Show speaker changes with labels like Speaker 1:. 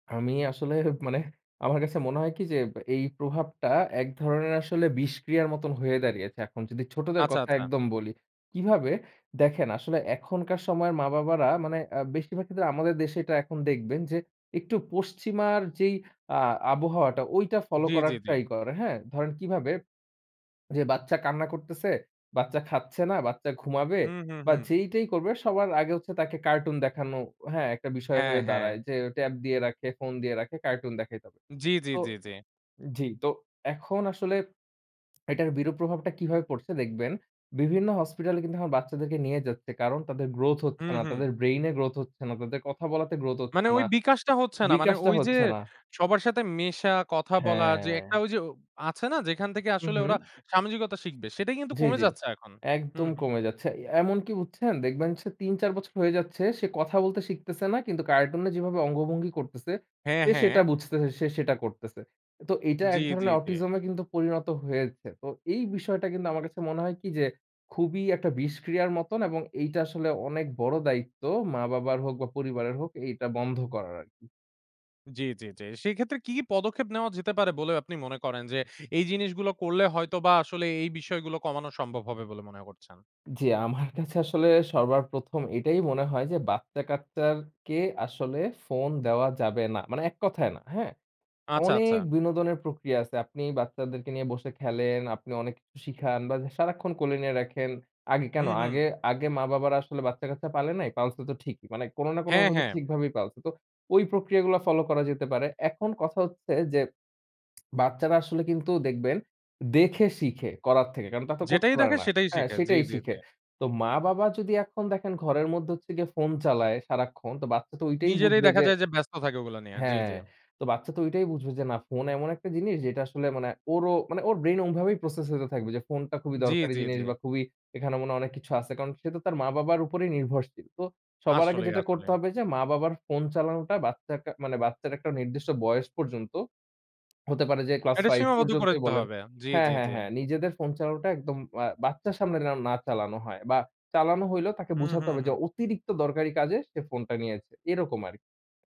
Speaker 1: আমি আসলে মানে আমার কাছে মনে হয় কী যে এই প্রভাবটা এক ধরনের আসলে বিষক্রিয়ার মতন হয়ে দাঁড়িয়েছে এখন। যদি ছোটদের
Speaker 2: আচ্ছা,
Speaker 1: কথা
Speaker 2: আচ্ছা।
Speaker 1: একদম বলি। কীভাবে? দেখেন আসলে এখনকার সময়ের মা-বাবারা মানে আ বেশিরভাগ ক্ষেত্রে আমাদের দেশে এটা এখন দেখবেন যে একটু পশ্চিমার যেই আ আবহাওয়াটা, ঐটা ফলো
Speaker 2: জি,
Speaker 1: করার
Speaker 2: জি, জি।
Speaker 1: ট্রাই করে। হ্যাঁ? ধরেন কীভাবে? যে বাচ্চা কান্না করতেসে, বাচ্চা খাচ্ছে না, বাচ্চা ঘুমাবে
Speaker 2: হুম, হুম,
Speaker 1: বা
Speaker 2: হুম।
Speaker 1: যেইটাই করবে, সবার আগে হচ্ছে তাকে কার্টুন দেখানো হ্যাঁ, একটা বিষয়
Speaker 2: হ্যাঁ,
Speaker 1: হয়ে
Speaker 2: হ্যাঁ।
Speaker 1: দাঁড়ায় যে ট্যাব দিয়ে রাখে, ফোন দিয়ে রাখে, কার্টুন দেখাইতে হবে।
Speaker 2: জি, জি,
Speaker 1: তো
Speaker 2: জি, জি।
Speaker 1: জি, তো এখন আসলে এটার বিরূপ প্রভাবটা কিভাবে পড়ছে দেখবেন। বিভিন্ন হসপিটালে কিন্তু এখন বাচ্চাদেরকে নিয়ে যাচ্ছে। কারণ তাদের গ্রোথ হচ্ছে
Speaker 2: হুম,
Speaker 1: না।
Speaker 2: হুম।
Speaker 1: তাদের ব্রেইনে গ্রোথ হচ্ছে না। তাদের কথা বলাতে গ্রোথ
Speaker 2: মানে
Speaker 1: হচ্ছে
Speaker 2: ওই
Speaker 1: না।
Speaker 2: বিকাশটা হচ্ছে না। মানে
Speaker 1: বিকাশটা
Speaker 2: ওই যে
Speaker 1: হচ্ছে না।
Speaker 2: সবার সাথে মেশা, কথা বলা যে একটা
Speaker 1: হ্যাঁ।
Speaker 2: ওই যে ও আছে না যেখান থেকে
Speaker 1: উম
Speaker 2: আসলে
Speaker 1: হুম।
Speaker 2: ওরা সামাজিকতা শিখবে, সেটাই কিন্তু
Speaker 1: জি,
Speaker 2: কমে
Speaker 1: জি।
Speaker 2: যাচ্ছে এখন। হুম,
Speaker 1: একদম
Speaker 2: হু।
Speaker 1: কমে যাচ্ছে। এ এমন কী বুঝছেন, দেখবেন সে ৩-৪ বছর হয়ে যাচ্ছে, সে কথা বলতে শিখতেসে না কিন্তু কার্টুনে যেভাবে অঙ্গভঙ্গি করতেসে,
Speaker 2: হ্যাঁ,
Speaker 1: সে সেটা
Speaker 2: হ্যাঁ।
Speaker 1: বুঝতেছে, সে সেটা করতেসে। তো এটা
Speaker 2: জি,
Speaker 1: এক
Speaker 2: জি,
Speaker 1: ধরনের
Speaker 2: জি।
Speaker 1: অটিজমে কিন্তু পরিণত হয়েছে। তো এই বিষয়টা কিন্তু আমার কাছে মনে হয় কী যে খুবই একটা বিষক্রিয়ার মতন এবং এইটা আসলে অনেক বড় দায়িত্ব মা-বাবার হোক বা পরিবারের হোক, এইটা বন্ধ করার আরকি।
Speaker 2: জি, জি, জি। সেক্ষেত্রে কী, কী পদক্ষেপ নেওয়া যেতে পারে বলে আপনি মনে করেন যে এই জিনিসগুলো করলে হয়তো বা আসলে এই বিষয়গুলো কমানো সম্ভব হবে বলে মনে করছেন?
Speaker 1: জি, আমার কাছে আসলে সবার প্রথম এটাই মনে হয় যে বাচ্চা-কাচ্চার কে আসলে ফোন দেওয়া যাবে না। মানে এক কথায় না, হ্যাঁ?
Speaker 2: আচ্ছা, আচ্ছা।
Speaker 1: অনেক বিনোদনের প্রক্রিয়া আছে। আপনি বাচ্চাদেরকে নিয়ে বসে খেলেন, আপনি অনেক কিছু শিখান বা সারাক্ষণ কোলে নিয়ে রাখেন। আগে কেন
Speaker 2: হুম, হুম।
Speaker 1: আগে আগে মা-বাবারা আসলে বাচ্চা-কাচ্চা পালে নাই? পালসে তো ঠিকই। মানে কোনো না
Speaker 2: হ্যাঁ,
Speaker 1: কোনোভাবে
Speaker 2: হ্যাঁ।
Speaker 1: ঠিকভাবেই পালসে। তো ওই প্রক্রিয়াগুলা ফলো করা যেতে পারে। এখন কথা হচ্ছে যে বাচ্চারা আসলে কিন্তু দেখবেন, দেখে শিখে, করার থেকে। কারণ তা তো করতে
Speaker 2: যেটাই
Speaker 1: পারে
Speaker 2: দেখে
Speaker 1: না।
Speaker 2: সেটাই
Speaker 1: হ্যাঁ,
Speaker 2: শেখে। জি,
Speaker 1: সেটাই
Speaker 2: জি,
Speaker 1: শিখে।
Speaker 2: জি।
Speaker 1: তো মা-বাবা যদি এখন দেখেন ঘরের মধ্যে হচ্ছে গিয়া ফোন চালায় সারাক্ষণ, তো বাচ্চা তো ঐটাই
Speaker 2: নিজেরাই
Speaker 1: বুঝবে
Speaker 2: দেখা
Speaker 1: যে
Speaker 2: যায় যে ব্যস্ত থাকে ওগুলা নিয়ে। জি, জি।
Speaker 1: হ্যাঁ। তো বাচ্চা তো ঐটাই বুঝবে যে, না, ফোন এমন একটা জিনিস যেটা আসলে মানে ওরও মানে ওর ব্রেইন ওমভাবেই প্রসেস হইতে থাকবে যে ফোনটা খুবই
Speaker 2: জি,
Speaker 1: দরকারি
Speaker 2: জি,
Speaker 1: জিনিস
Speaker 2: জি।
Speaker 1: বা খুবই এখানে মনে হয় অনেক কিছু আছে। কারণ সে তো তার মা-বাবার উপরেই নির্ভরশীল। তো সবার আগে
Speaker 2: আসলেই,
Speaker 1: যেটা করতে
Speaker 2: আসলেই।
Speaker 1: হবে যে মা-বাবার ফোন চালানোটা বাচ্চার কা মানে বাচ্চার একটা নির্দিষ্ট বয়স পর্যন্ত হতে পারে যে class
Speaker 2: এটা
Speaker 1: 5
Speaker 2: সীমাবদ্ধ করে
Speaker 1: পর্যন্তই
Speaker 2: দিতে
Speaker 1: বলেন।
Speaker 2: হবে। জি,
Speaker 1: হ্যাঁ,
Speaker 2: জি,
Speaker 1: হ্যাঁ,
Speaker 2: জি।
Speaker 1: হ্যাঁ। নিজেদের ফোন চালানোটা একদম আ বাচ্চার সামনে যেন না চালানো হয় বা চালানো হইলেও তাকে
Speaker 2: হুম,
Speaker 1: বুঝাতে
Speaker 2: হু,
Speaker 1: হবে যে
Speaker 2: হুম।
Speaker 1: অতিরিক্ত দরকারি কাজে সে ফোনটা নিয়েছে। এরকম আর